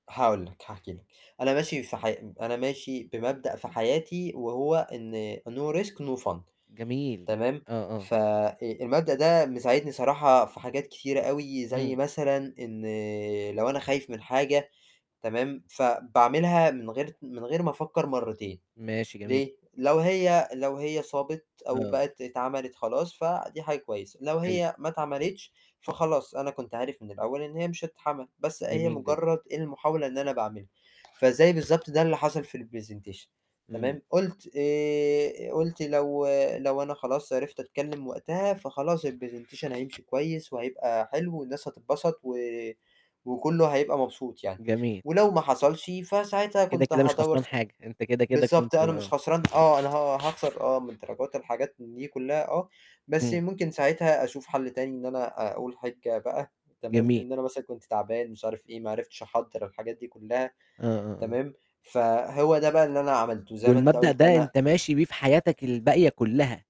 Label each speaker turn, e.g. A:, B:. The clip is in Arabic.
A: هاقول لك، هاحكي لك، أنا ماشي سح أب أنا ماشي بمبدأ في حياتي وهو إن No risk no fun
B: جميل،
A: تمام،
B: آه، آه.
A: ف آآ، المبدأ ده مساعدني صراحة في حاجات كتيرة أوي، زي
B: إمم.
A: مثلًا إن لو أنا خايف من حاجة تمام، فباعملها من غير ت من غير ما أفكّر مرّتين،
B: ماشي جمي
A: ليه؟ لو هي لو هي صابت أو
B: آه.
A: بقت اتعملت خلاص، فدي حاجة كويسة لو
B: حلو.
A: هي ما اتعملتش، فخلاص أنا كنت عارف من الأول إن هي مش هتتعمل بس أهي
B: جميل جدًا.
A: مجرّد المحاولة إن أنا باعملها، فزي بالضبط ده اللي حصل في الPresentation
B: إمم.
A: تمام، قُلت آآ، قُلت لو لو أنا خلاص عرفت أتكلّم وقتها فخلاص الPresentation هيمشي كويس وهيبقى حلو والناس هتبسط و وكلّه هيبقى مبسوط يعني،
B: جميل.
A: ولو ما حصلش، فساعتها
B: كده،
A: كنت
B: كده مش
A: هادوّر
B: خسران
A: سأ
B: حاجة أنت كده، كده
A: بالضبط،
B: كنت
A: أنا مش
B: آه.
A: خسران آه، أنا ه هاخسر آه، من دراجات الحاجات دي كلّها آه، بس
B: إمم.
A: ممكن ساعتها أشوف حَل تاني إن أنا أقول حِجّة بقى تمام،
B: جميل.
A: إن أنا مثلًا كنت تعبان، مش عارف إيه ما عرفتش أحضّر الحاجات دي كلّها،
B: آه، آه، آه.
A: تمام، فهو ده بقى اللي أنا عملته زي ما أنت
B: والمبدأ
A: قُلت
B: ده
A: أنا
B: أنت ماشي بيه في حياتك الباقية كلّها.